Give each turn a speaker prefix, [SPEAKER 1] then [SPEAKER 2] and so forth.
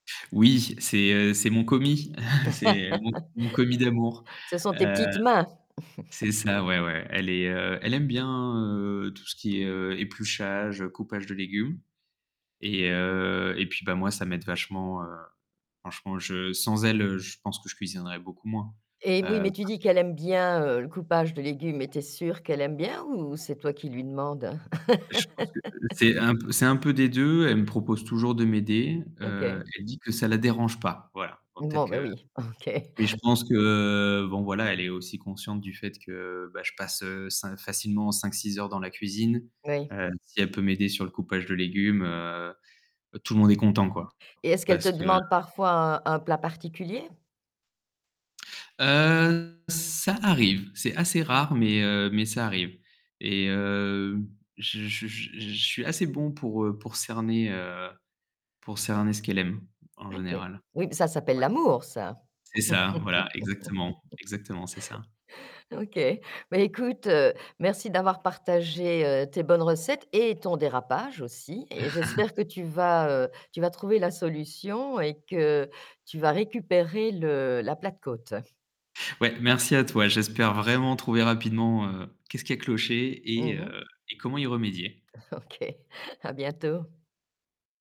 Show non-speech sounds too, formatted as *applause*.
[SPEAKER 1] Oui, c'est heu, c'est mon commis. *chuckles* C'est mon mon commis d'amour.
[SPEAKER 2] *laughs* Ce sont tes
[SPEAKER 1] Heu
[SPEAKER 2] petites mains. *chuckles*
[SPEAKER 1] c'est ça ouais ouais. Elle est heu, elle aime bien, heu, tout ce qui est, heu, épluchage, heu, coupage de légumes et heu et puis bah, moi ça m'aide vachement. Heu, franchement je sans elle, heu, je pense que je cuisinerais beaucoup moins,
[SPEAKER 2] Eh oui,
[SPEAKER 1] heu,
[SPEAKER 2] mais tu
[SPEAKER 1] parce
[SPEAKER 2] dis qu'elle aime bien, heu, le coupage de légumes mais tu es sûr qu'elle aime bien ou c'est toi qui lui demande?
[SPEAKER 1] Je pense que c'est
[SPEAKER 2] *laughs*
[SPEAKER 1] un p c'est un peu des 2, elle me propose toujours de m'aider, heu,
[SPEAKER 2] OK.
[SPEAKER 1] elle dit que ça la dérange pas. Voilà, donc peut-être
[SPEAKER 2] Bon bah,
[SPEAKER 1] que
[SPEAKER 2] oui, OK.
[SPEAKER 1] mais je pense que, heu, bon voilà, elle est aussi consciente du fait que bah, je passe, heu, cin facilement 5-6 heures dans la cuisine.
[SPEAKER 2] Oui.
[SPEAKER 1] Heu, si elle peut m'aider sur le coupage de légumes, heu, heu, tout le monde est content quoi.
[SPEAKER 2] Et est-ce qu'elle
[SPEAKER 1] Parce
[SPEAKER 2] te
[SPEAKER 1] que
[SPEAKER 2] demande parfois un un plat particulier?
[SPEAKER 1] Heu, ça arrive, c'est assez rare mais heu, mais ça arrive et heu, je je je suis assez bon pour, heu, pour cerner, heu, pour cerner ce qu'elle aime en
[SPEAKER 2] OK.
[SPEAKER 1] général.
[SPEAKER 2] Oui, ça s'appelle
[SPEAKER 1] Ouais.
[SPEAKER 2] l'amour ça.
[SPEAKER 1] C'est ça, voilà, exactement.
[SPEAKER 2] *laughs*
[SPEAKER 1] Exactement, c'est ça.
[SPEAKER 2] OK, bah écoute, heu, merci d'avoir partagé, heu, tes bonnes recettes et ton dérapage aussi et
[SPEAKER 1] *laughs*
[SPEAKER 2] j'espère que tu vas, heu, tu vas trouver la solution et que tu vas récupérer le la plate-côte.
[SPEAKER 1] Ouais, merci à toi, j'espère vraiment trouver rapidement, heu, qu'est-ce qui y a cloché et
[SPEAKER 2] Mmh mh.
[SPEAKER 1] heu, et comment y remédier.
[SPEAKER 2] OK, à bientôt.